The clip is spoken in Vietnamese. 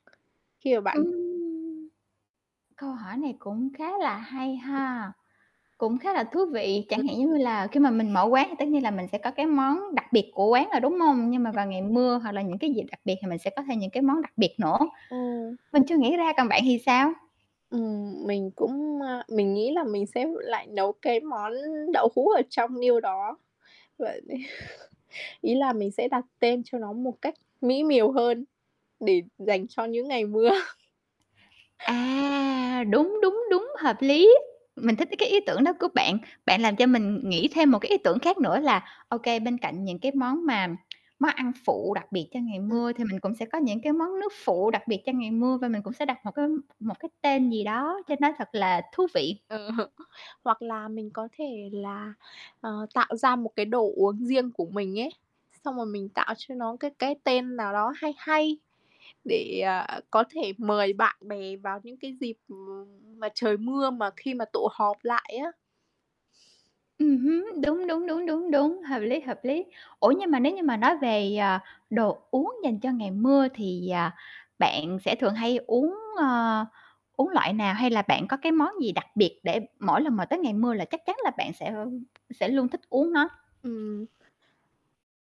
Khi mà bạn Ừm. Câu hỏi này cũng khá là hay [unintelligible] ha. Cũng khá là thú vị, chẳng hạn [unintelligible] giống như là khi mà mình mở quán thì tất nhiên là mình sẽ có cái món đặc biệt của quán rồi, đúng hông? Nhưng mà vào ngày mưa hoặc là những [unintelligible] cái dịp đặc biệt thì mình sẽ có thêm những cái món đặc biệt nữa. Ừm. Mình chưa nghĩ ra, còn bạn thì sao? Ừm, mình cũng, ờ mình nghĩ là mình sẽ lại nấu cái món đậu hũ ở trong niêu đó. V ý là mình sẽ đặt tên cho nó một cách mỹ miều hơn để dành cho những ngày mưa. À, đúng, đúng, đúng, hợp lý, mình thích cái ý tưởng đó của bạn. Bạn làm cho mình nghĩ thêm một cái ý tưởng khác nữa là, ô kê, bên cạnh những cái món mà món ăn phụ đặc biệt cho ngày Ừm. mưa thì mình cũng sẽ có những cái món nước phụ đặc biệt cho ngày mưa, và mình cũng sẽ đặt một cái một cái tên gì đó cho [unintelligible] nó thật là thú vị. Ờ. Hoặc là mình có thể là, ờ, tạo ra một cái đồ uống riêng của mình ấy, xong rồi mình tạo cho nó cái cái tên nào đó hay hay để, à, có thể mời bạn bè vào những cái dịp mà trời mưa mà khi mà tụ họp lại á. Ừm hứm, đúng, đúng, đúng, đúng, đúng, hợp lý, hợp lý. Ủa, nhưng mà nếu như mà nói về, à, đồ uống dành cho ngày mưa thì, à, bạn sẽ thường hay uống, ờ, uống loại nào, hay là bạn có cái món gì đặc biệt để mỗi lần mà tới ngày mưa là chắc chắn là bạn sẽ sẽ luôn thích uống nó? Ừm.